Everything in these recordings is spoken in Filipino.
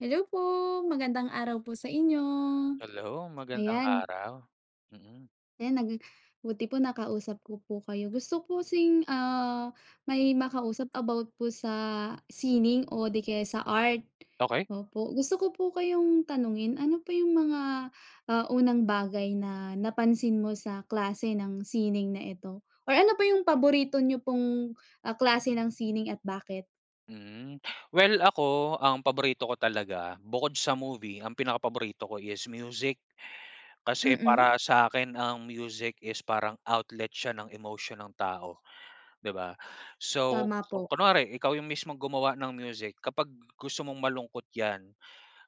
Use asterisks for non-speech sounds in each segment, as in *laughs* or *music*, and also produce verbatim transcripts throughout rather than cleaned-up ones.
Hello po. Magandang araw po sa inyo. Hello magandang Ayan. araw. Mm. Ayan. Nag buti po nakausap ko po kayo. Gusto ko po kasing, ah, may makausap about po sa sining o 'di kaya sa art. Okey. Opo. Gusto ko po kayong tanungin, ano po 'yong mga, ah, unang bagay na napansin mo sa klase ng sining na ito? Or ano po 'yong paborito niyo pong, ah, klase ng sining at bakit? Mm. Well ako, ang paborito ko talaga bukod sa movie, ang pinakapaborito ko is music. Kasi Mm. para sa 'kin ang music is parang outlet siya ng emosyon ng tao, 'di ba? So Tama po. kunware ikaw 'yong mismong gumawa ng music, kapag gusto mong malungkot 'yan,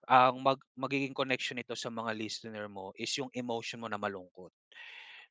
ang mag magiging connection nito sa mga listener mo is 'yong emotion mo na malungkot.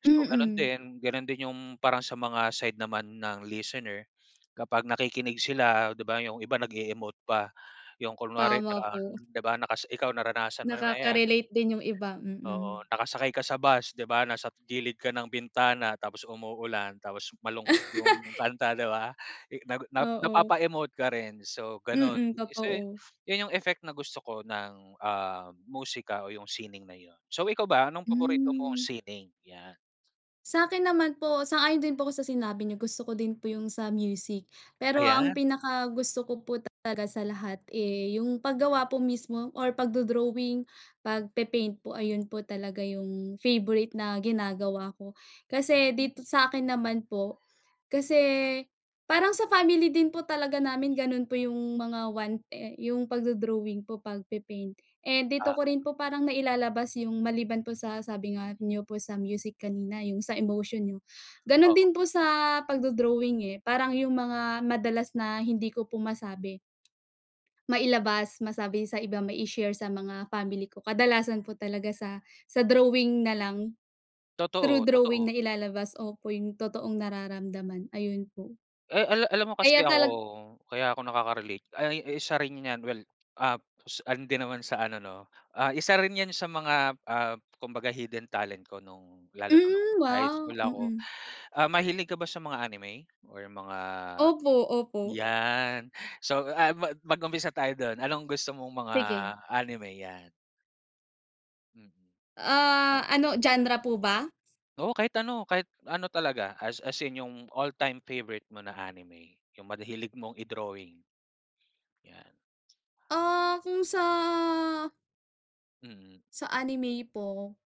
So gano'n Mm. din. Gano'n din 'yong parang sa mga side naman ng listener kapag nakikinig sila, 'di ba? 'Yong iba nag-e-emote pa, 'yong kunwari Tama parang, po. 'di ba, nakas ikaw naranasan mo na 'yan. Nakaka-relate din 'yong iba. Mm. Oo, nakasakay ka sa bus, 'di ba, nasa gilid ka ng bintana, tapos umuulan, tapos malungkot 'yong *laughs* kanta, 'di ba? I nag Oo. napapa-emote ka rin, so gano'n. Mm, Eh, kasi totoo. 'yon 'yong effect na gusto ko ng, ah, musika o 'yong sining na 'yon. So ikaw ba anong paborito mong Mm. sining? 'Yan. Sa 'kin naman po sang-ayon din po ako sa sinabi niyo. Gusto ko din po 'yong sa music. Pero ang Ayan. pinakagusto ko po talaga sa lahat, eh, 'yong paggawa po mismo or pagdo-drawing, pagpe-paint po. Ayun po talaga 'yong favorite na ginagawa ko. Kasi Hmm. dito sa 'kin naman po kasi parang sa family din po talaga namin, gano'n po 'yong mga one eh, 'yong pagdo-drawing po, pagpe-paint. Eh, dito Ah. ko rin po parang nailalabas 'yong, maliban po sa sabi nga niyo po sa music kanina, 'yong sa emotion niyo. Gano'n Oo. din po sa pagdo-drawing eh. Parang 'yong mga madalas na hindi ko po masabi mailabas, masabi sa iba, mai-share sa mga family ko, kadalasan po talaga sa sa drawing na lang. Through Totoo, drawing totoo. nailalabas opo, 'yong totoong nararamdaman, ayun po. Eh, ala alam mo Kaya kasi ako talag kaya ako nakakarelate ay ay, isa rin 'yan. Well, ah, kos ano din naman sa ano, 'no, ah, isa rin 'yan sa mga, ah, kumbaga hidden talent ko no'ng lalo na no'ng Hmm, high wow. school ako. Mm. Ah, mahilig ka ba sa mga anime or mga Opo, opo. 'yan. So, ah, mag-umpisa tayo do'n. Anong gusto mong mga Sige. anime? 'Yan. Mm. Ah, ano genre po ba? Oo. Kahit ano. Kahit ano talaga as as in, 'yong all-time favorite mo na anime. 'Yong mad hilig mong i-drawing. Yan. Ah, kung sa Mm. sa anime po.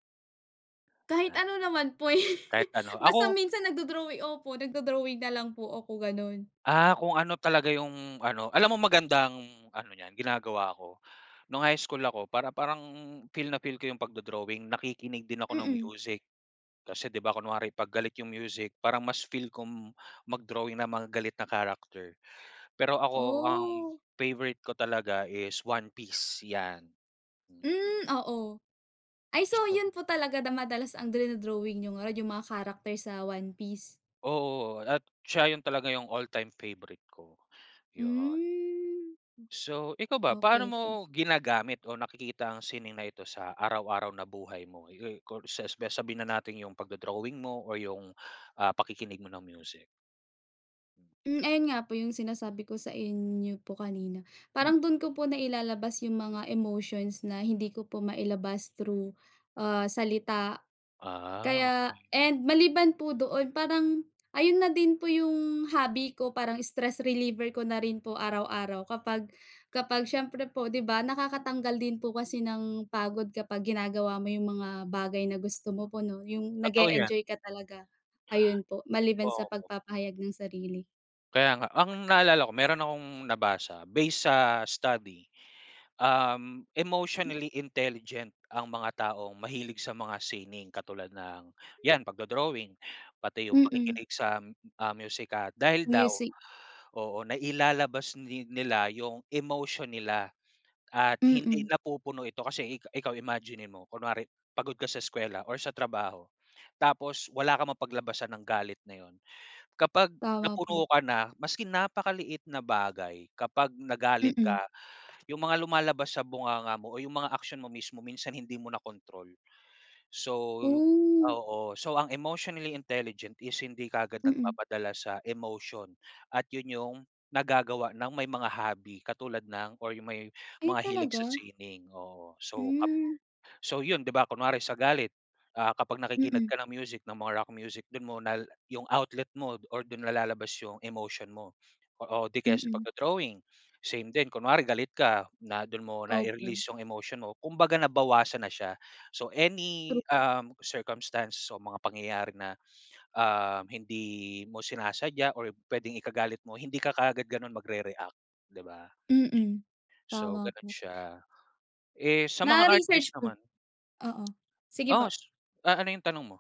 Kahit ano naman po, eh, Kahit ano. *laughs* basta Ako minsan nag-do-drawing opo, nagdo-drawing na lang po ako, gano'n. Ah, kung ano talaga 'yong, ano alam mo magandang ano 'yan, ginagawa ko, no'ng high school ako para parang feel na feel ko 'yong pagdo-drawing, nakikinig din ako ng Mm. music. Kasi, 'di ba, kunwari 'pag galit 'yong music parang mas feel kong mag-drawing ng mga galit na character. Pero ako ang Ooh. favorite ko talaga is One Piece, 'yan. Mm, oo. Ay, so Gustong 'yon po talaga da madalas ang dino-drawing niyo ngarud, 'yong mga character sa One Piece? Oo, at siya 'yon talaga. 'Yong all-time favorite ko, 'yon. Hmm, So ikaw m ba, paano okey mo po. ginagamit o nakikita ang sining na ito sa araw-araw na buhay mo? Yu ku sasbi sabihin na natin 'yong pagdo-drawing mo o 'yong, ah, pakikinig mo ng music. Mm. Ayun nga po 'yong sinasabi ko sa inyo po kanina. Hmm. Parang do'n ko po nailalabas 'yong mga emotions na hindi ko po mailabas through, ah, salita. Ah, Kaya okey. and maliban po doon, parang ayun na din po 'yong hobby ko. Parang stress reliever ko na rin po araw-araw kapag kapag siyempre po, 'di ba, nakakatanggal din po kasi ng pagod kapag ginagawa mo 'yong mga bagay na gusto mo po, 'no, 'yong Totoo yan. nag-e-enjoy ka talaga. Ayun po maliban sa Oo. pagpapahayag ng sarili. Kaya nga. Ang naalala ko, mayro'n akong nabasa based sa study, um, M emotionally intelligent ang mga taong mahilig sa mga sining katulad ng, 'yan, pagdo-drawing, pati 'yong Mm. pakikinig sa, ah, musika. Dahil daw Music. oo, nailalabas ni nila 'yong emotion nila at hindi Mm. napupuno ito. Kasi i ikaw imaginin mo. Kunwari pagod ka sa eskuwela or sa trabaho, tapos wala kang mapaglabasan ng galit na 'yon. Kapag Tama po. napuno ka na maski napakaliit na bagay, kapag nagalit Mm. ka, 'yong mga lumalabas sa bunganga mo o 'yong mga aksyon mo mismo, minsan hindi mo na control. So Ooh. oo, so ang emotionally intelligent is hindi kaagad Mm. nagpapadala sa emotion at 'yon 'yong nagagawa ng may mga hobby katulad ng or 'yong may Ay, mga hilig sa talaga? sining, oo. So kap Mm. so 'yon, 'di ba, kunwari sa galit, ah, kapag nakikinig Mm. ka ng music, ng mga rock music, do'n mo nal 'yong outlet mo or do'n nalalabas 'yong emotion mo. O o 'di kaya sa Mm. pagdo-drawing, same din. Kunwari galit ka na du'n mo Opo. nai-release 'yong emotion mo. Kumbaga nabawasan na siya. So True. any, um, circumstance o mga pangyayari na, um, hindi mo sinasadya or puwedeng ikagalit mo, hindi ka kaagad gano'n magre-react, 'di ba? Mm. So Tama gano'n po. siya. Eh, sa mga Na artist research ko naman oo, sige po. Oo, s ah, ano 'yong tanong mo?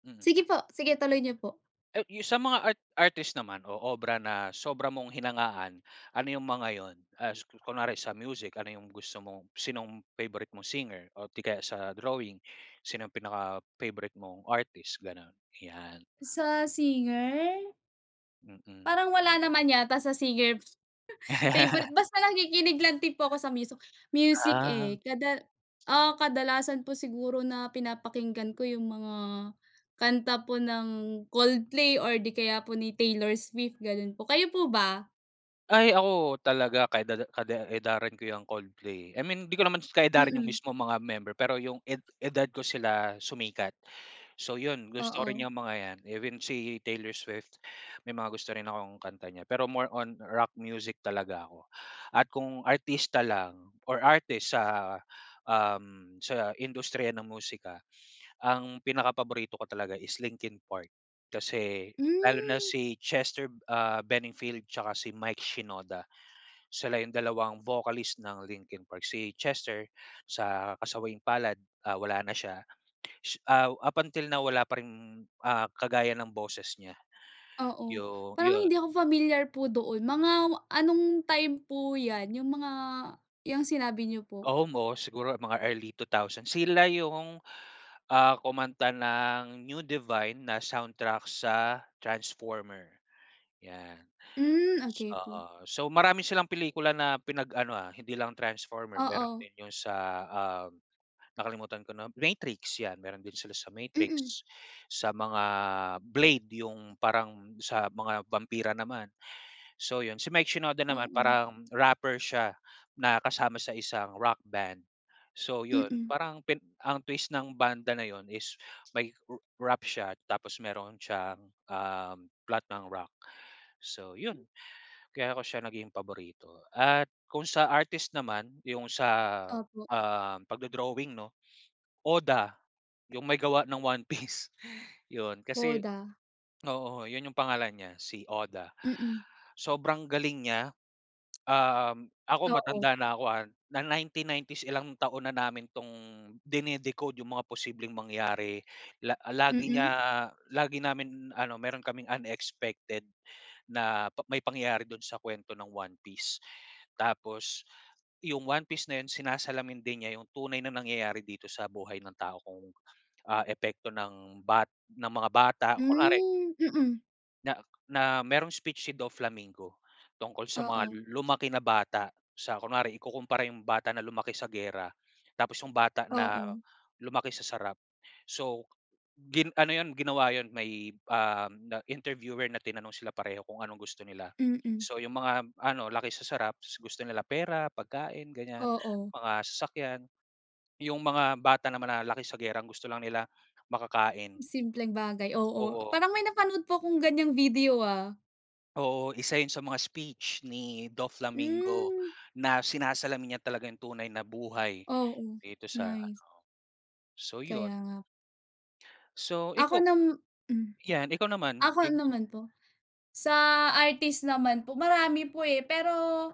Mm. Sige po. Sige, tuloy niyo po. Ay, 'yong sa mga art artist naman o obra na sobra mong hinangaan, ano 'yong mga 'yon? As ku kunware sa music, ano 'yong gusto mong sinong favorite mong singer o 'di kaya sa drawing, sino 'yong pinaka-favorite mong artist, gano'n? 'Yan. Sa singer? Mm. Parang wala naman yata sa singer, *laughs* favorite. Basta nakikinig lang din po ako sa miso music, Ah. eh, kada ah, kadalasan po siguro na pinapakinggan ko 'yong mga kanta po ng Coldplay or 'di kaya po ni Taylor Swift, gano'n po. Kayo po ba? Ay, ako talaga ka-edad kade edaran ko yang Coldplay. I mean, hindi ko naman kaedaran 'yong Mm. mismong mga member. Pero 'yong ed edad ko sila sumikat. So 'yon, gusto rin Oo. 'yong mga 'yan, even si Taylor Swift may mga gusto rin akong kanta niya. Pero more on rock music talaga ako. At kung artista lang or artist sa, um, sa industriya ng musika ang pinakapaborito ko talaga is Linkin Park kasi lalo na Hmm. si Chester, ah, Benningfield tsaka si Mike Shinoda. Sila 'yong dalawang vocalist ng Linkin Park. Si Chester, sa kasawiang-palad, ah, wala na siya. Ah, up until now wala pa ring, ah, kagaya ng boses niya, Oo, 'yong parang 'yon hindi ako familiar po doon. Mga anong time po 'yan, 'yong mga yang sinabi niyo po? Almost. Siguro mga early two thousand. Sila 'yong, ah, kumanta ng "New Divine" na soundtrack sa Transformer, 'yan. Hmm, okey Sa po. so marami silang pelikula na pinag-ano, ah, hindi lang Transformer. Mayro'n Oo. din 'yon sa, ah, nakalimutan ko na Matrix, 'yan, mayro'n din sila sa Mm. Matrix, sa mga Blade 'yong parang sa mga bampira naman. So 'yon. Si Mike Shinoda naman Oo. parang rapper siya na kasama sa isang rock band. So 'yon, Mm. parang pin ang twist ng banda na 'yon is may r rap siya tapos mayroon siyang, ah, plot ng rock. So 'yon, kaya ko siya naging paborito. At kung sa artist naman 'yong sa, Opo. um, pagdo-drawing, 'no, Oda, 'yong may gawa ng One Piece, 'yon. Kasi Oda. oo, 'yon 'yong pangalan niya, si Oda. Mm. Sobrang galing niya. Um, ako Oo. matanda na ako, ah, na nineteen nineties, ilang taon na namin tong dine-decode 'yong mga posibleng mangyari la lagi niya Mm. lagi namin, ano mayro'n kaming unexpected na pa may pangyayari do'n sa kuwento ng One Piece. Tapos 'yong One Piece na 'yon sinasalamin din niya 'yong tunay na nangyayari dito sa buhay ng tao kung, ah, epekto ng ba ng mga bata. Kunwari Hmm, mm. na na mayro'ng speech si Doflamingo tungkol sa mga Oo. lu lumaki na bata sa Kunware, ikukumpara 'yong bata na lumaki sa giyera tapos 'yong bata na Oo. lumaki sa sarap. So gin ano 'yon ginawa 'yon may, ah, na interviewer na tinanong sila pareho kung anong gusto nila. Mm. So 'yong mga, ano, laki sa sarap, s gusto nila pera, pagkain, ganiyan, Oo. mga sasakyan. 'Yong mga bata naman na laki sa giyera, ang gusto lang nila makakain. Simpleng bagay. Oo, Oo. parang may napanood po 'kong ganiyang video, ah. Oo, isa 'yon sa mga speech ni Doflamingo Hmm. na sinasalamin niya talaga 'yong tunay na buhay Oo, dito sa, ano. nice. So 'yon. Kaya nga So Ako ikaw? nam Hmm. 'Yan, ikaw naman. Ako naman po? Sa artist naman po marami po, eh, pero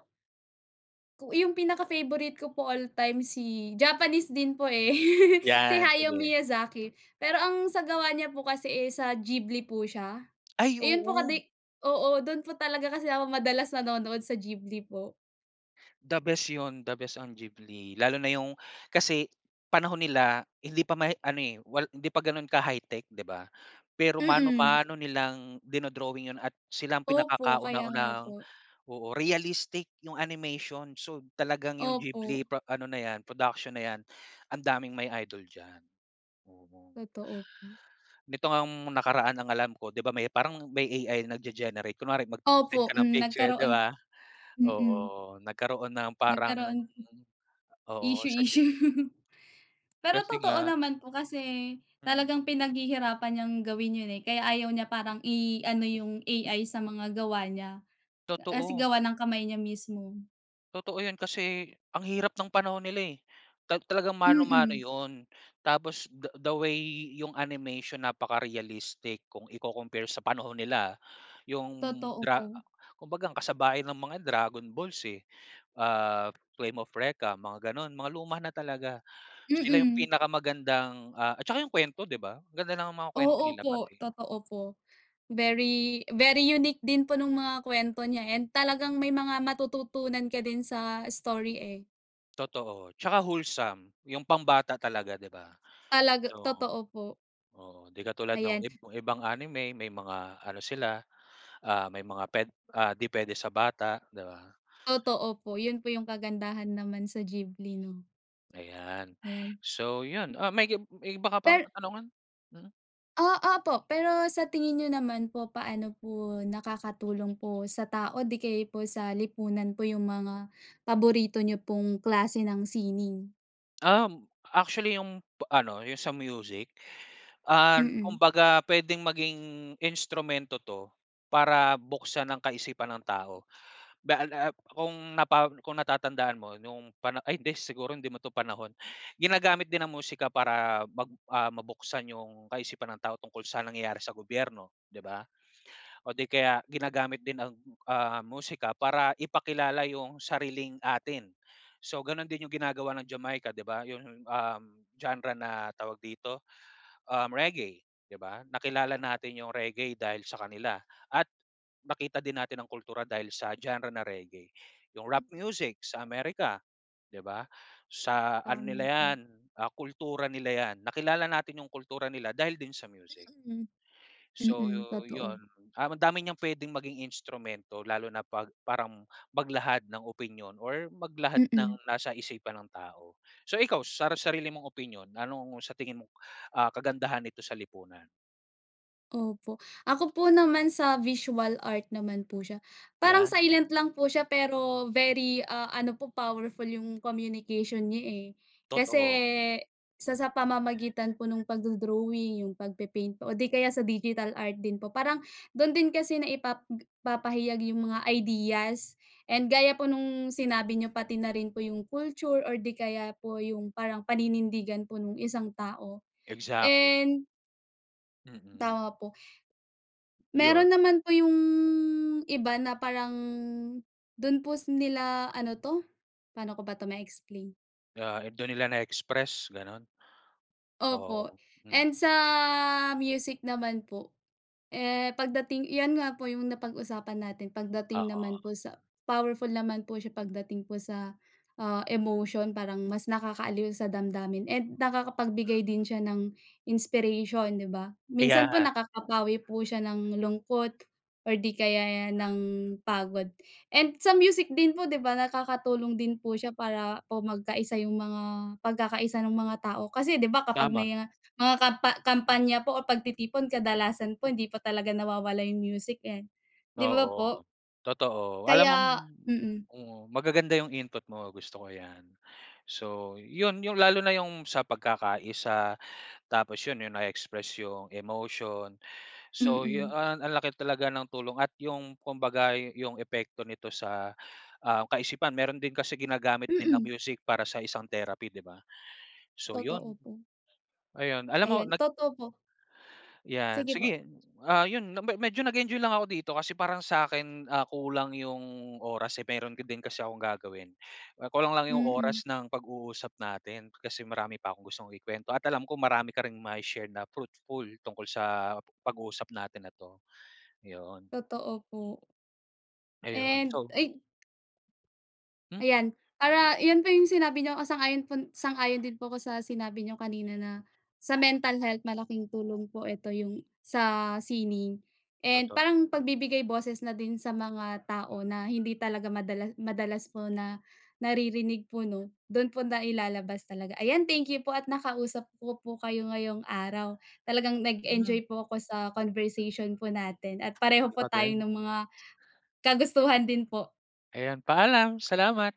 ku 'yong pinaka-favorite ko po all-time si Japanese din po, eh, *laughs* si 'Yan, Hayao sige. Miyazaki. Pero ang sa gawa niya po kasi, eh, sa Ghibli po siya. Ay, Iyon po, oo. kadi oo, do'n po talaga kasi ako madalas nanonood, sa Ghibli po. The best 'yon. The best ang Ghibli lalo na 'yong kasi panahon nila, hindi pa ma-ano, eh. Wal hindi pa gano'n ka-high-tech, 'di ba? Pero Mm. mano-mano nilang dino-drawing 'yon at sila ang Opo, kaya nga pinakakauna-unahang po. oo, realistic 'yong animation. So talagang 'yong Ghibli Opo. pa ano na 'yan, production na 'yan, ang daming may idol diyan. Oo. Totoo po. Nito ngang nakaraan ang alam ko, 'di ba, may parang may A-I nagge-generate. Kunwari, mag-send Opo, ka ng mm. picture, 'di Nagkaroon ba? mm. Oo. Nagkaroon ng parang Nagkaroon oo, Issue, sa Ghib issue. *laughs* Pero Kasi totoo nga naman po kasi Mm. talagang pinaghihirapan niyang gawin 'yon, eh. Kaya ayaw niya parang i-ano 'yong A-I sa mga gawa niya. Uh, kasi Totoo. gawa ng kamay niya mismo. Totoo 'yan, kasi ang hirap nong panahon nila, eh, ta talagang mano-mano Mm. 'yon. Tapos the the way 'yong animation, napaka-realistic kung iko-compare sa panahon nila 'yong Totoo Dra po. kumbaga ang kasabay ng mga 'yan Dragon Balls, eh, ah, Flame of Recca, mga gano'n. Mga luma na talaga. Sila 'yong Mm. pinakamagandang, ah at saka 'yong kuwento, 'di ba? Ang ganda ng mga kuwento Oo, nila po. pati Totoo po. Very, very unique din po no'ng mga kwento niya and talagang may mga matututunan ka din sa story, eh. Totoo. 'Tsaka wholesome. 'Yong pambata talaga, 'di ba? Talag Oo, totoo po. oo. 'Di katulad nong Ayan. ib ibang anime may mga ano sila, ah, may mga puwed ah, 'di puwede sa bata, 'di ba? Totoo po. 'Yon po 'yong kagandahan naman sa Ghibli. Ayan. Ayan. So 'yon, ah, may gib may iba ka pang Per katanungan? Mm. Ah, ah, opo. Pero sa tingin niyo naman po, paano po nakakatulong po sa tao o 'di kaya'y po sa lipunan po 'yong mga paborito niyo pong klase ng sining? Um, actually 'yong pa ano, 'yong sa music, ah, Mm. kumbaga puwedeng maging instrumento 'to para buksan ang kaisipan ng tao bale a ap kung napa kung natatandaan mo no'ng pana ay hindi, siguro hindi mo 'to panahon. Ginagamit din ang musika para mag ah, mabuksan 'yong kaisipan ng tao tungkol sa nangyayari sa gobyerno, 'di ba, o 'di kaya ginagamit din ang, ah, musika para ipakilala 'yong sariling atin. So gano'n din 'yong ginagawa ng Jamaica, 'di ba? 'Yong, um, genre na, tawag dito, um, reggae, 'di ba? Nakilala natin 'yong reggae dahil sa kanila at nakita din natin ang kultura dahil sa genre na reggae. 'Yong rap music, sa America, 'di ba? Sa ano nila Tama po. 'yan, ah, kultura nila 'yan. Nakilala natin 'yong kultura nila dahil din sa music. Mm. So yo Mm, totoo. 'yon, ah, madami niyang puwedeng maging instrumento, lalo na 'pag parang maglahad ng opinyon or maglahad ng Mm. nasa isipan ng tao. So ikaw sara sarili mong opinyon, anong sa tingin mong, ah, kagandahan nito sa lipunan? Opo. Ako po naman sa visual art naman po siya. Parang 'Yan. silent lang po siya pero very, ah, ano, po powerful 'yong communication niya, eh. Kasi Totoo. sa sa pamamagitan po no'ng pagdo-drawing, 'yong pagpe-paint po o 'di kaya sa digital art din po, parang do'n din kasi naipap g naipahayag 'yong mga ideas. And gaya po no'ng sinabi n'yo pati na rin po 'yong culture or 'di kaya po 'yong parang paninindigan po no'ng isang tao. Exactly. And Mm. Tama po. 'Yon. Mayro'n naman po 'yong iba na parang do'n po s nila, ano 'to, paano ko ba to ma-explain? Ah, doon nila na-express, gano'n? Opo, Oo, and mm. sa music naman po, eh, pagdating 'yan nga po 'yang napag-usapan natin, pagdating naman Oo. po sa powerful naman po siya pagdating po sa, ah, emotion. Parang mas nakakaaliw sa damdamin and nakakapagbigay din siya ng inspiration, 'di ba? Minsan po Ayan. nakakapawi po siya ng lungkot or 'di kaya ng pagod. And sa music din po, 'di ba, nakakatulong din po siya para po magkaisa 'yong mga pagkakaisa no'ng mga tao kasi, 'di ba, kapag Tama. may mga kampa kampanya po o pagtitipon kadalasan po hindi po talaga nawawala 'yong music, eh. 'Di ba Oo, po? totoo. Alam mong Kaya mm. mm. Magaganda 'yong input mo, gusto ko 'yan. So 'yon 'yong lalo na 'yong sa pagkakaiisa, tapos 'yon 'yong nae-express. So 'yong emotion so yu Mm. ah, ang laki talaga ng tulong at 'yong kumbaga 'yo 'yong epekto nito sa, ah, kaisipan mayro'n din kasi ginagamit din ang Mm. music para sa isang therapy, 'di ba? So Totoo 'yon. po. Ayun, alam mo Ayan, nag totoo po. Yan, Sige po. sige, ah, 'yon na me medyo nag-enjoy lang ako dito kasi parang sa 'kin, ah, kulang 'yong oras, eh, mayro'n ga din kasi akong gagawin. Ah, kulang lang 'yong Mm. oras ng pag-uusap natin kasi marami pa akong gustong ikuwento at alam ko marami ka ring mai-share na fruitful tungkol sa pag-uusap natin na 'to. 'Yon. Totoo po. Ayun, And so ay M Ayan. Para 'yon po 'yong sinabi niyo po sang-ayon po sang-ayon din po ako sa sinabi n'yo kanina na sa mental health malaking tulong po ito, 'yong sa sining and Totoo. parang pagbibigay boses na din sa mga tao na hindi talaga madala madalas po na naririnig po, 'no. Do'n po nailalabas talaga. Ayan. Thank you po at nakausap ko po kayo ngayong araw. Talagang Hmm. nag-enjoy po ako sa conversation po natin at pareho po Ikaw tayo din? ng mga kagustuhan din po. Ayan, paalam. Salamat.